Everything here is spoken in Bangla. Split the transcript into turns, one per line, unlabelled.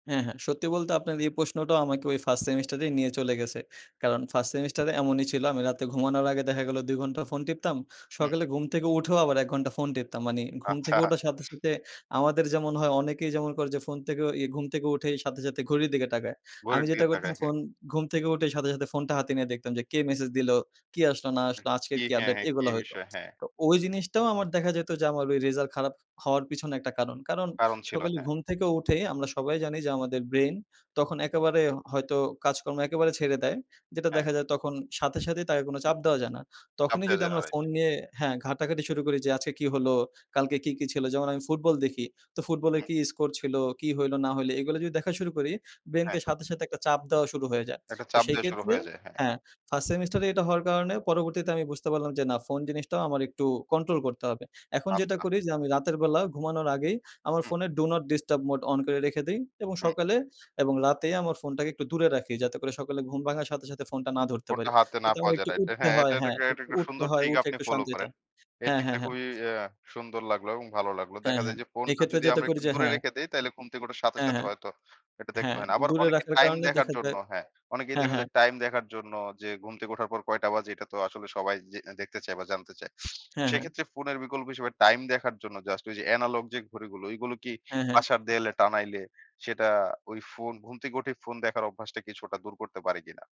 হ্যাঁ, হ্যাঁ। সত্যি বলতে আপনার এই প্রশ্নটাও আমাকে ওই ফার্স্ট সেমিস্টারেই নিয়ে চলে গেছে। কারণ ফার্স্ট সেমিস্টারে এমনই ছিল। আমি রাতে ঘুমানোর আগে দেখা গেল ২ ঘণ্টা ফোন টিপতাম
হু।
সকালে ঘুম থেকে উঠেও আবার ১ ঘন্টা ফোন টিপতাম। মানে ঘুম
আচ্ছা।
থেকে উঠার সাথে, সাথে, আমাদের যেমন হয় অনেকেই যেমন করে যে, ফোন থেকে ওই ঘুম থেকে উঠে সাথে, সাথে, ঘড়ির দিকে তাকায়। আমি
ঘড়ির দিকে
যেটা করতাম
তাকায়, হ্যাঁ।
ফোন ঘুম থেকে উঠে সাথে, সাথে, ফোনটা হাতে নিয়ে দেখতাম যে কে মেসেজ দিলো, কি আসলো না
হু,
আসল
কি
আজকের কি
হ্যাঁ,
আপডেট
হ্যাঁ কি
এইগুলা হয়তো।
বিষয়, হ্যাঁ।
তো ওই জিনিসটাও আমার দেখা যেত যে আমার ভাই রেজাল্ট খারাপ হওয়ার পিছনে একটা কারণ। কারণ
কারণ ছিল
সকালে
হ্যাঁ।
ঘুম থেকে উঠে আমরা সবাই জানি যে আমাদের ব্রেইন তখন একেবারে হয়তো কাজকর্ম একেবারে ছেড়ে দেয়। যেটা
হ্যাঁ।
দেখা যায় তখন সাথে সাথেই তাকে কোন চাপ দেওয়া যায় না। তখনই
নামতে
যদি
চায় না
আমরা
রাইট।
ফোন নিয়ে হ্যাঁ। ঘাটাঘাটি শুরু করি যে আজকে কী হলো, কালকে কি, কি, ছিল। যেমন আমি ফুটবল দেখি। তো ফুটবলের
হুম।
কি স্কোর ছিল, কি হইল না হইল এইগুলা যদি দেখা শুরু করি,
হ্যাঁ।
ব্রেইনকে সাথে, সাথে একটা চাপ দেওয়া শুরু হয়ে যায়।
একটা
তো
চাপ
সেই
দেওয়া শুরু
ক্ষেত্রে
হয়ে যায়। হ্যাঁ।
হ্যাঁ, 1st সেমিস্টার এ এটা হওয়ার কারণে পরবর্তীতে আমি বুঝতে পারলাম যে, না ফোন জিনিসটাও আমার একটু কন্ট্রোল করতে হবে। এখন যেটা
আচ্ছা।
করি যে আমি রাতের বেলা ঘুমানোর আগেই আমার
হুম।
ফোনে do not disturb mode on করে রেখে দেই। এবং
হুম।
সকালে এবং রাতেই আমার ফোনটাকে একটু দূরে রাখি। যাতে করে সকালে ঘুম ভাঙার সাথে, সাথে ফোনটা না ধরতে
ফোনটা
পারি।
হাতে না
যাতে আমার
পাওয়া যায়
একটু
রাইট।
উঠতে
হ্যাঁ, এটা
হয়, হ্যাঁ
এটাকে
একটু
একটা
উঠতে
সুন্দর
হয়,
ট্রিক
উঠে
আপনি
একটু
ফলো
শান্তিতে।
করেন। এই
হ্যাঁ,
ট্রিকটা
হ্যাঁ, হ্যাঁ।
খুবই অ্যা সুন্দর লাগলো এবং ভালো লাগলো।
হ্যাঁ,
দেখা যায়
হ্যাঁ।
যে, ফোনটা
এক্ষেত্রে
যদি
যেটা
আমরা
করি
একটু
যে
দূরে
হ্যাঁ।
রেখে দেই তাইলে ঘুম থেকে ওঠার সাথে,
হ্যাঁ,
সাথে,
হ্যাঁ,
হয়তো এটা দেখতে
হ্যাঁ,
হয় না। আবার
দূরে
অনেকে
রাখার
টাইম
কারণে
দেখার
দেখা
জন্য
যায়
হ্যাঁ, অনেকেই
হ্যাঁ,
দেখা
হ্যাঁ।
যায় টাইম দেখার জন্য যে ঘুম থেকে উঠার পর কয়টা বাজে এটা তো আসলে সবাই যে দেখতে চায় বা জানতে চায়।
হ্যাঁ, হ্যাঁ।
সেক্ষেত্রে ফোনের বিকল্প হিসেবে টাইম দেখার জন্য জাস্ট ওই যে অ্যানালগ যে ঘড়িগুলো ওই গুলো কি
হ্যাঁ, হ্যাঁ।
বাসার দেয়ালে টানাইলে, সেটা ওই ফোন ঘুম থেকে উঠেই ফোন দেখার অভ্যাসটা কিছুটা দূর করতে পারে কিনা?